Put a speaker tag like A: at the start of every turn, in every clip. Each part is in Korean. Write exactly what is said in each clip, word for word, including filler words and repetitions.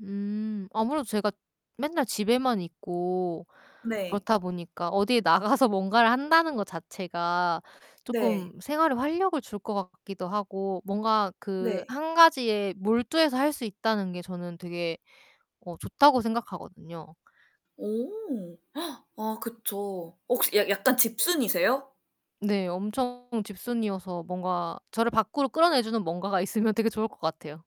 A: 음. 아무래도 제가 맨날 집에만 있고
B: 네.
A: 그렇다 보니까 어디에 나가서 뭔가를 한다는 것 자체가
B: 네.
A: 쪼끔 생활에 활력을 줄 것 같기도 하고 뭔가 그
B: 네.
A: 한 가지에 몰두해서 할 수 있다는 게 저는 되게 어 좋다고 생각하거든요.
B: 오. 아 그쵸. 혹시 약 약간 집순이세요?
A: 네. 엄청 집순이어서 뭔가 저를 밖으로 끌어내주는 뭔가가 있으면 되게 좋을 것 같아요.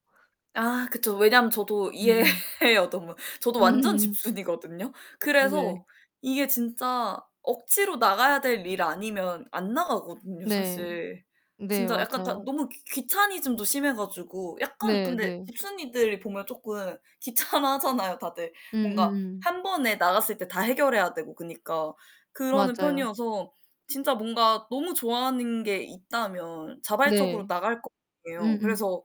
B: 아 그쵸. 왜냐면 저도
A: 음음.
B: 이해해요. 너무. 저도 완전 집순이거든요.
A: 네.
B: 그래서 이게 진짜 억지로 나가야 될 일 아니면 안 나가거든요,
A: 네.
B: 사실.
A: 네
B: 진짜 약간 다
A: 맞아요.
B: 너무 귀 귀차니즘도 심해 가지고 약간
A: 네
B: 근데
A: 네.
B: 집순이들이 보면 쪼끔 귀찮아하잖아요, 다들. 뭔가
A: 음음음.
B: 한 번에 나갔을 때 다 해결해야 되고 그니까 그러는
A: 맞아요.
B: 편이어서 진짜 뭔가 너무 좋아하는 게 있다면 자발적으로
A: 네.
B: 나갈 거 아니예요.
A: 음음.
B: 그래서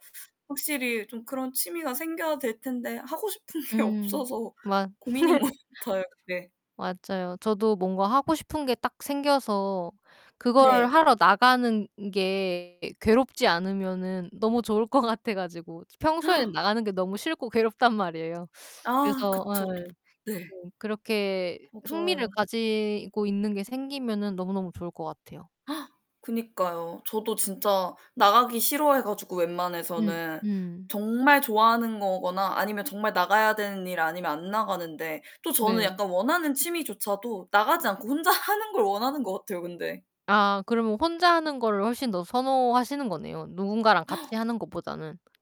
B: 확실히 좀 그런 취미가 생겨야 될 텐데 하고 싶은 게
A: 음
B: 없어서
A: 맞
B: 고민인 것 같아요. 네.
A: 맞아요. 저도 뭔가 하고 싶은 게 딱 생겨서 그걸
B: 네.
A: 하러 나가는 게 괴롭지 않으면은 너무 좋을 것 같아 가지고. 평소에 나가는 게 너무 싫고 괴롭단 말이에요.
B: 아
A: 그래서
B: 그쵸, 또
A: 예
B: 네.
A: 좀 그렇게 흥미를
B: 맞아요.
A: 가지고 있는 게 생기면은 너무너무 좋을 것 같아요.
B: 그니까요. 저도 진짜 나가기 싫어해 가지고
A: 음
B: 웬만해서는
A: 음.
B: 정말 좋아하는 거거나 아니면 정말 나가야 되는 일 아니면 안 나가는데 또 저는
A: 네.
B: 약간 원하는 취미조차도 나가지 않고 혼자 하는 걸 원하는 것 같아요, 근데.
A: 아 그러면 혼자 하는 거를 훨씬 더 선호하시는 거네요, 누군가랑 같이 하는 것보다는.